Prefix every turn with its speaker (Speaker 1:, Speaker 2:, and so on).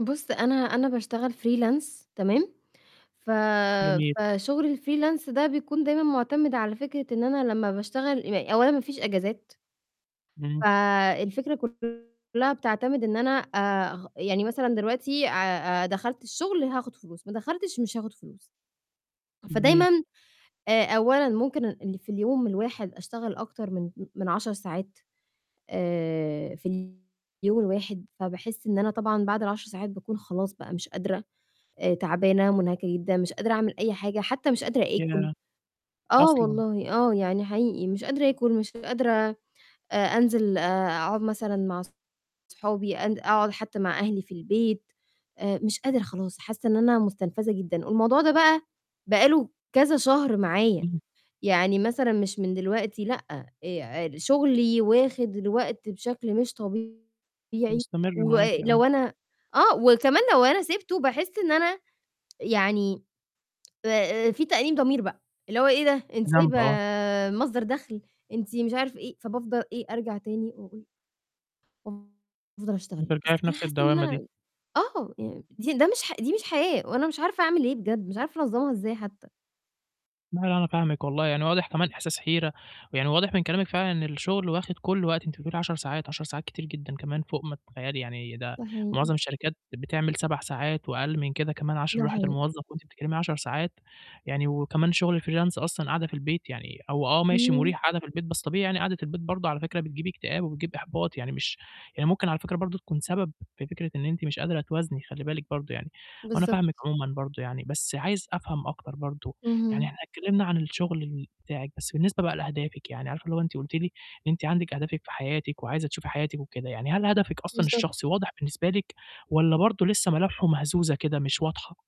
Speaker 1: بُص، أنا أنا باشتغل freelance تمام؟ ف
Speaker 2: جميل.
Speaker 1: فشُغل الfreelance ده بيكون دايمًا مُعتمِد على فكرة إن أنا لمّا باشتغل [unintelligible] أولًا ما فيش إجازات.
Speaker 2: إمم.
Speaker 1: فالفكرة كُلّها بتعتمد إن أنا أغ يعني مثلًا دلوقتي آآ آآ دخلت الشُغل هاخُد فلوس، ما دخلتش مش هاخُد فلوس. فدايمًا
Speaker 2: [unintelligible]
Speaker 1: آآ أولًا ممكن ال اللي في اليوم الواحد أشتغل أكتر من م من 10 ساعات آآ في اليوم الواحد، فباحِس إن أنا طبعًا بعد ال10 ساعات باكون خلاص بقى مش قادرة، آآ تعبانة، مٌنهكَة جدًا، مش قادرة أعمل أي حاجة، حتّى مِش قادرة آكُل،
Speaker 2: ياه!
Speaker 1: آه
Speaker 2: أصلًا.
Speaker 1: والله، آه، يعني حقيقي، مش قادرة آكُل، مش قادرة آآ أنزل آآ أقعُد مثلًا مع أصحابي، أن أقعُد حتّى مع أهلي في البيت، آآ مش قادرة خلاص، حاسّة إن أنا مُستنفَذة جدًا. الموضوع ده بقى، بقى له كذا شهر معايا،
Speaker 2: إمم.
Speaker 1: يعني مثلًا مش من دلوقتي، لأ، آآ شُغلي واخِد الوقت بشكل مش طبيعي
Speaker 2: مستمر
Speaker 1: و آآ
Speaker 2: معاكِ آه.
Speaker 1: لو أنا آه، وكمان لو أنا سِبته، باحِس إن أنا يعني آآ فيه تأنيب ضمير بقى، اللي هو إيه ده؟
Speaker 2: في
Speaker 1: أنتِ سايبة
Speaker 2: ذنب آه.
Speaker 1: مصدر دَخْل، أنتِ مش عارف إيه، فابفضل إيه، أرجع تاني [unintelligible] وأفضل أشتغل. بس
Speaker 2: بترجعي في
Speaker 1: أنا
Speaker 2: نَفْس
Speaker 1: حاسّة إن
Speaker 2: الدوّامة دي.
Speaker 1: أنا آه، يعني دي ده مش ح دي مش حياة، وأنا مش عارفة أعمل إيه بجد، مش عارفة أنظّمها إزاي حتّى.
Speaker 2: [unintelligible] أنا فاهمِك والله، يعني واضح كمان إحساس حيرة، ويعني واضح من كلامِك فعلًا إن الشُغل واخِد كل وقتِك، أنتِ بتقولي 10 ساعات، 10 ساعات كتير جدًا كمان فوق ما تتخيّلي، يعني ده
Speaker 1: ده حقيقي.
Speaker 2: معظم الشركات بتعمل 7 ساعات وأقل من كده كمان عشان
Speaker 1: ده
Speaker 2: راحة
Speaker 1: حقيقي.
Speaker 2: الموظف وأنتِ بتتكلِّمي 10 ساعات، يعني وكمان شُغل الfreelance أصلًا قاعدة في البيت يعني هو آه، ماشي
Speaker 1: إمم.
Speaker 2: مُريح قاعدة في البيت، بس طبيعي يعني قعدة البيت برضه على فكرة بتجيب اكتئاب وبتجيب إحباط، يعني مش يعني ممكن على فكرة برضه تكون سبب في فكرة إن أنتِ مش قادرة توازني، خلّي بالِك برضه يعني. وأنا
Speaker 1: بالضبط.
Speaker 2: فاهمِك عمومًا برضه يعني، بس عايز أفهم أكتر برضه، يعني
Speaker 1: اهم.
Speaker 2: إحنا اتكلِّمنا عن الشُغل ال بتاعِك، بس بالنسبة بقى لأهدافِك، يعني عارفة اللي هو أنتِ قُلتِ لي إن أنتِ عندِك أهدافِك في حياتِك وعايزة تشوفي حياتِك وكده، يعني هل هدفِك أصلًا
Speaker 1: بالضبط.
Speaker 2: الشخصي واضح بالنسبة لِك والّا برضه لسّه ملامحه مهزوزة كده مش واضحة؟